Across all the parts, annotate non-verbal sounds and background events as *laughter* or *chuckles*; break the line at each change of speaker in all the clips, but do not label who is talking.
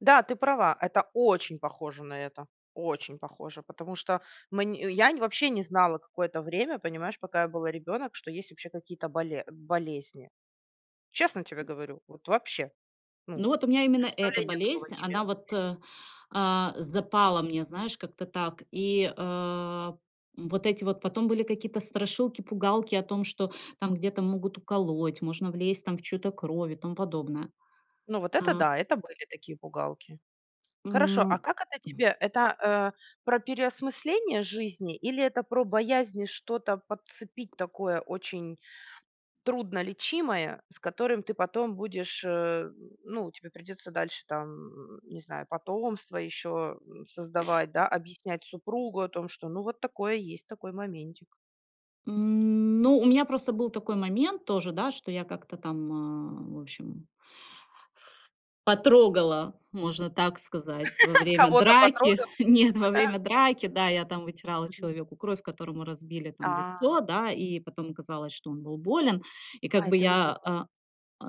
Да, ты права. Это очень похоже на это. Очень похоже, потому что мань я, вообще, не знала какое-то время, понимаешь, пока я была ребёнок, что есть вообще какие-то боле болезни. Честно тебе говорю, вот вообще. Ну,
Ну, вот у меня именно эта
представления такого
болезнь,
не
она
имела
вот,
ш
а, а, запала мне, знаешь, как-то так и, а, м, вот эти вот потом были какие-то страшилки, пугалки о том, что там где-то могут уколоть, можно влезть там в чью-то кровь и тому подобное.
Ну, вот это
А
да, это были такие пугалки.
М,
Хорошо, а
м.
как это тебе? Это, а, про переосмысление жизни или это про боязнь что-то подцепить такое очень труднолечимое, с которым ты потом будешь, а ну, тебе придётся дальше там, не знаю, потомство ещё, м, создавать, да, объяснять супругу о том, что ну вот такое есть, такой моментик.
М, ну, меня просто был такой момент тоже, да, я как-то там в общем потрогала, можно так сказать, во
*laughs*
время
Кого-то
драки
потрогала?
*chuckles* Нет, во время драки, да, я там вытирала
Мгм.
человеку кровь, которому разбили там
А.
лицо, да, и потом оказалось, что он был болен. И как
А, и
бы
ты
я,
узнала
а,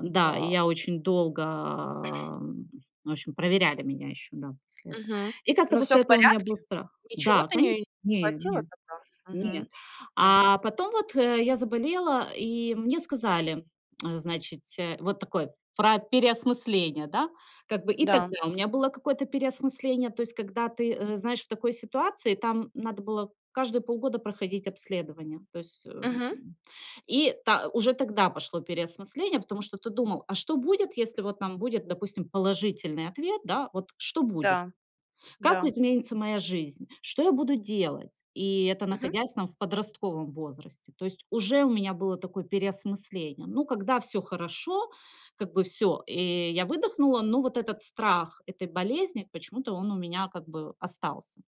чт
Да, и
Вау.
я очень долго, м, в общем, проверяли меня ещё, да, после этого.
Мгм.
И как-то
Ну, всё
после
в
этого у меня был
порядке?
страх.
Ничего
Да,
ты
кани
не
Не,
подхватила
не,
тогда?
нет.
Мгм. Так.
А потом вот, э, я заболела, и мне сказали, значится, вот такое про переосмысление, да. Как бы, и
Н-да.
тогда у меня было какое-то переосмысление. То есть, когда ты, э, знаешь, в такой ситуации, там, надо было каждые полгода проходить обследование. То есть, эм,
Мгм.
и та уже тогда пошло переосмысление, потому что ты думал, а что будет, если вот там будет, допустим, положительный ответ, да, вот что будет,
Да.
как
Да.
изменится моя жизнь, что я буду делать. И это
Мгм.
находясь там в подростковом возрасте. То есть уже у меня было такое переосмысление. Ну, когда всё хорошо, как бы всё, и я выдохнула. Но вот этот страх этой болезни, почему-то он у меня как бы остался.